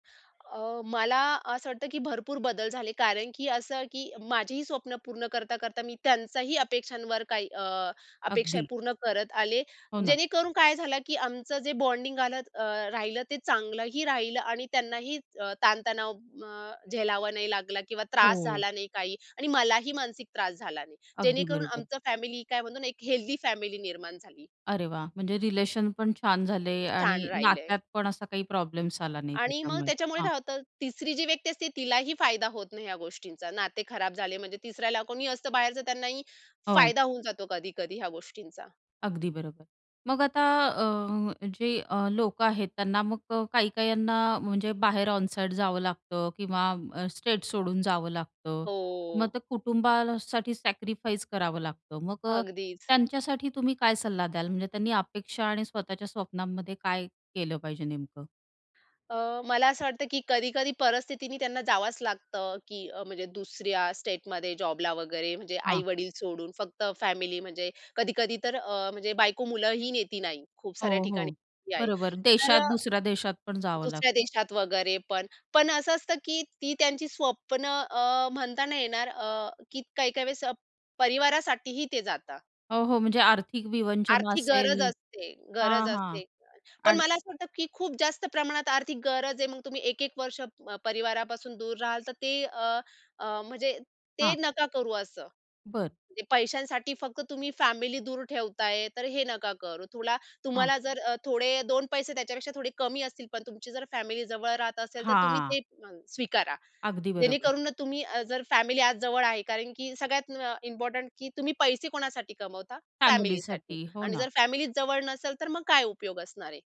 अ, मला असं वाटतं की भरपूर बदल झाले. कारण की असं की माझीही स्वप्न पूर्ण करता-करता, मी त्यांचाही अपेक्षांवर काही अ, अपेक्षा अगदी. पूर्ण करत आले. हो ना. जेणेकरून काय झालं की आमचं जे बॉन्डिंग आलं अ, राहिलं ते चांगलंही राहिलं आणि त्यांनाही च ताणतणाव अ, झेलावा नाही लागला किंवा त्रास हो. झाला नाही काही आणि मलाही मानसिक त्रास झाला नाही. अगदी जेणेकरून बरोबर. आमचं फॅमिली काय म्हणतो ना, एक हेल्दी फॅमिली निर्माण झाली. अरे वाह! म्हणजे रिलेशन पण छान झाले छान आणि राहिलंय. नात्यात पण असा काही प्रॉब्लेम्स आला नाही आणि मग त्याच्यामुळे, त्याच्यामुळे हां. काय होतं, 3री जी व्यक्ती असते तिलाही फायदा होत नाही ह्या गोष्टींचा. नाते खराब झाले म्हणजे 3ऱ्याला कोणीही असतं बाहेरच त्यांनाही हो. फायदा होऊन जातो कधी-कधी ह्या गोष्टींचा. अगदी बरोबर. मग आता अ, म जे अ, लोकं आहेत त्यांना मग काही काहींना म्हणजे बाहेर ऑन साईट जावं लागतं किंवा अ, स्टेट सोडून जावं लागतं. मग हो. ते कुटुंबासाठी सॅक्रिफाईस करावं लागतं. मग अ, अगदीच. त्यांच्यासाठी तुम्ही काय सल्ला द्याल, म्हणजे त्यांनी अपेक्षा आणि स्वतःच्या स्वप्नांमध्ये काय केलं पाहिजे नेमकं? अ, मला असं वाटतं की कधी-कधी परिस्थितीने त्यांना जावंच लागतं, की म्हणजे दुसऱ्या स्टेटमध्ये जॉबला वगैरे म्हणजे हां. आई-वडील सोडून फक्त फॅमिली, म्हणजे कधी-कधी तर अ, म्हणजे बायको मुलंही नेती नाही. खूप साऱ्या हो, ठिकाणी हो, [unintelligible] आहे. बरोबर तर देशात अ, दुसऱ्या देशात पण जावं लागतं. दुसऱ्या देशात वगैरे पण. पण असं असतं की ती त्यांची स्वप्न अ, म्हणता नाही येणार, अ, की काही-काही वेळेस परिवारासाठी ही ते जातात. हो, हो, म्हणजे आर्थिक विवंचना आर्थिक असेल गरज असते, हां, गरज हां, असते. पण आणि मला असं वाटतं की खूप जास्त प्रमाणात आर्थिक गरज आहे. मग तुम्ही 1-1 वर्ष मग परिवारापासून दूर राहाल तर ते अ, अ, म्हणजे ते हां. नका करू असं. बरं. ते पैशांसाठी फक्त तुम्ही फॅमिली दूर ठेवताय तर हे नका करु. तुला हां. तुम्हाला जर अ, थोडे 2 पैसे त्याच्यापेक्षा थोडे कमी असतील. पण तुमची जर फॅमिली जवळ राहत असेल तर तुम्ही हां. ते [unintelligible] स्वीकारा. अगदी बरोबर. जेणेकरून ना तुम्ही अ, जर फॅमिली आज जवळ आहे कारण की सगळ्यात म अ, इम्पोर्टंट की तुम्ही पैसे कोणासाठी कमवता? फॅमिलीसाठी फॅमिलीसाठी, हो आणि ना. जर फॅमिलीचं जवळ नसेल तर मग काय उपयोग असणार आहे?